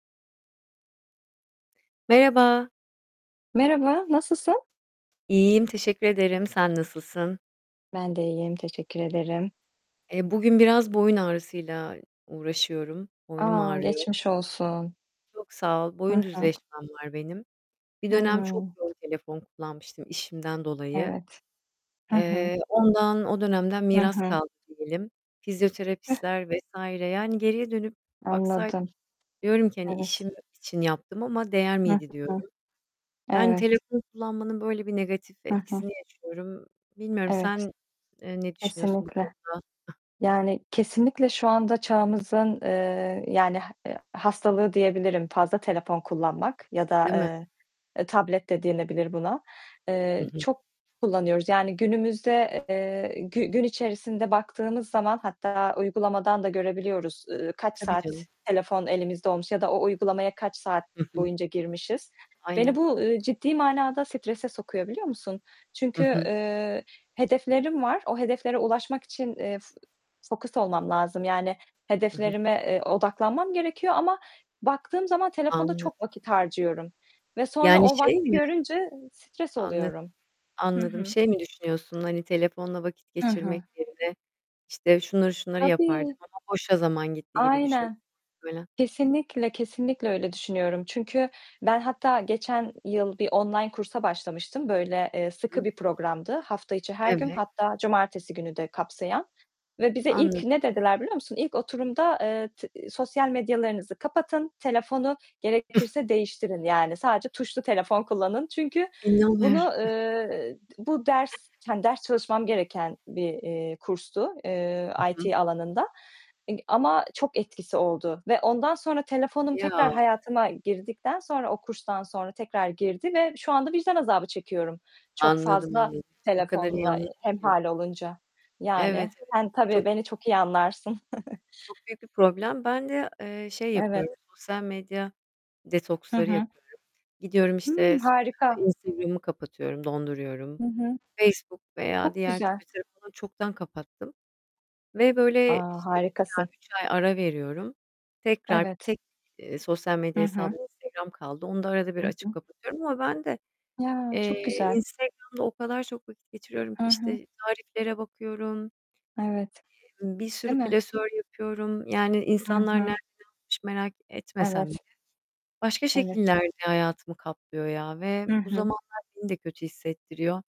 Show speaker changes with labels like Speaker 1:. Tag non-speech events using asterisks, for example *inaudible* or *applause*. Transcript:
Speaker 1: Merhaba.
Speaker 2: Merhaba, nasılsın?
Speaker 1: İyiyim teşekkür ederim. Sen nasılsın?
Speaker 2: Ben de iyiyim, teşekkür ederim.
Speaker 1: E, bugün biraz boyun ağrısıyla uğraşıyorum. Boynum
Speaker 2: A,
Speaker 1: ağrıyor.
Speaker 2: geçmiş olsun.
Speaker 1: Çok sağ ol.
Speaker 2: Hı
Speaker 1: Boyun
Speaker 2: hı.
Speaker 1: düzleşmem var benim. Bir
Speaker 2: Hı
Speaker 1: dönem çok
Speaker 2: hı.
Speaker 1: yoğun telefon kullanmıştım işimden dolayı.
Speaker 2: Evet. Hı hı.
Speaker 1: Eee, ondan o dönemden
Speaker 2: Hı
Speaker 1: miras
Speaker 2: hı.
Speaker 1: kaldı diyelim. Fizyoterapistler vs. yani, geriye dönüp baksaydım
Speaker 2: Anladım.
Speaker 1: diyorum ki: "Hani,
Speaker 2: Evet.
Speaker 1: işim için yaptım ama değer
Speaker 2: Hı
Speaker 1: miydi?"
Speaker 2: hı.
Speaker 1: diyorum. Yani,
Speaker 2: Evet.
Speaker 1: telefonu kullanmanın böyle bir negatif
Speaker 2: Hı hı.
Speaker 1: etkisini yaşıyorum. Bilmiyorum
Speaker 2: Evet.
Speaker 1: sen, eee, ne düşünüyorsun bu
Speaker 2: Kesinlikle.
Speaker 1: konuda? *giggles*
Speaker 2: Yani, kesinlikle şu anda çağımızın, eee, yani e h hastalığı diyebilirim fazla telefon kullanmak yada,
Speaker 1: Değil mi?
Speaker 2: eee, tablet de denilebilir buna,
Speaker 1: Hı
Speaker 2: eee,
Speaker 1: hı.
Speaker 2: çok kullanıyoruz, yani günümüzde, eee, gü gün içerisinde baktığımız zaman, hatta uygulamadan da görebiliyoruz, ııı, kaç
Speaker 1: Tabii
Speaker 2: saat
Speaker 1: canım.
Speaker 2: telefon elimizde olmuş ya da o uygulamaya kaç saat
Speaker 1: Hı hı.
Speaker 2: boyunca girmişiz. Beni
Speaker 1: Aynen.
Speaker 2: bu, eee, ciddi manada strese sokuyor biliyor musun?
Speaker 1: Hı
Speaker 2: Çünkü,
Speaker 1: hı.
Speaker 2: eee, hedeflerim var, o hedeflere ulaşmak için, eee, fokus olmam lazım, yani,
Speaker 1: Hı hı.
Speaker 2: hedeflerime, eee, odaklanmam gerekiyor ama baktığım zaman telefonda
Speaker 1: Anladım.
Speaker 2: çok vakit harcıyorum ve sonra
Speaker 1: Yani,
Speaker 2: o
Speaker 1: şey
Speaker 2: vakti
Speaker 1: mi?
Speaker 2: görünce stres
Speaker 1: Anladım.
Speaker 2: oluyorum. Hı
Speaker 1: Anladım,
Speaker 2: hı.
Speaker 1: şey mi düşünüyorsun, hani, telefonla vakit
Speaker 2: Hı hı.
Speaker 1: geçirmek yerine, işte, şunları şunları yapardım
Speaker 2: Tabii.
Speaker 1: ama boşa zaman gitti gibi düşün
Speaker 2: Aynen.
Speaker 1: *unintelligible*
Speaker 2: Kesinlikle, kesinlikle öyle düşünüyorum. Çünkü ben hatta geçen yıl bir online kursa başlamıştım. Böyle, eee, sıkı
Speaker 1: Hı.
Speaker 2: bir programdı. Hafta içi her gün
Speaker 1: Evet.
Speaker 2: hatta cumartesi günü de kapsayan ve bize
Speaker 1: Anladım.
Speaker 2: ilk ne dediler biliyor musun? İlk oturumda, eee, t "Sosyal medyalarınızı kapatın, telefonu gerekirse değiştirin, yani sadece tuşlu telefon kullanın." Çünkü
Speaker 1: İnanmıyorum. *giggles*
Speaker 2: bunu, eee, bu ders, hani, ders çalışmam gereken bir, eee, kurstu. Eee,
Speaker 1: Hı hı.
Speaker 2: IT alanında, eee, ama çok etkisi oldu ve ondan sonra, telefonum tekrar
Speaker 1: Ya!
Speaker 2: hayatıma girdikten sonra o kurstan sonra tekrar girdi ve şu anda vicdan azabı çekiyorum, çok
Speaker 1: Anladım
Speaker 2: fazla
Speaker 1: anladım. O kadar iyi
Speaker 2: telefonla
Speaker 1: anladım ki.
Speaker 2: hemhâl olunca.
Speaker 1: Evet,
Speaker 2: Yani,
Speaker 1: evet.
Speaker 2: sen tabii,
Speaker 1: Çok
Speaker 2: beni çok iyi anlarsın. *giggles*
Speaker 1: çok büyük bir problem. Ben de, eee, şey
Speaker 2: Evet.
Speaker 1: yapıyorum, sosyal medya
Speaker 2: Hı
Speaker 1: detoksları
Speaker 2: hı.
Speaker 1: yapıyorum. Gidiyorum,
Speaker 2: Hıı.
Speaker 1: işte, s
Speaker 2: Harika.
Speaker 1: Instagram'ımı kapatıyorum, donduruyorum.
Speaker 2: Hı hı.
Speaker 1: Facebook veya
Speaker 2: Çok
Speaker 1: diğer
Speaker 2: güzel.
Speaker 1: Twitter falan çoktan kapattım ve böyle,
Speaker 2: A,
Speaker 1: işte, 2 ay,
Speaker 2: harikasın.
Speaker 1: 3 ay ara veriyorum. Tekrar
Speaker 2: Evet.
Speaker 1: tek, eee, sosyal
Speaker 2: Hı
Speaker 1: medya
Speaker 2: hı.
Speaker 1: hesabım Instagram kaldı. Onu da arada bir
Speaker 2: Hı
Speaker 1: açıp
Speaker 2: hı.
Speaker 1: kapatıyorum ama ben de,
Speaker 2: Ya, çok
Speaker 1: eee,
Speaker 2: güzel.
Speaker 1: Instagram'da o kadar çok vakit geçiriyorum ki,
Speaker 2: Hı hı.
Speaker 1: işte, tariflere bakıyorum,
Speaker 2: Evet,
Speaker 1: i ımm, bir sürü
Speaker 2: değil mi?
Speaker 1: klasör yapıyorum yani
Speaker 2: Hı
Speaker 1: insanlar nereden
Speaker 2: hı.
Speaker 1: almış merak etmesem bile.
Speaker 2: Evet.
Speaker 1: Başka
Speaker 2: Evet.
Speaker 1: şekillerde hayatımı kaplıyor ya ve
Speaker 2: Hı
Speaker 1: bu
Speaker 2: hı.
Speaker 1: zamanlar beni de kötü hissettiriyor.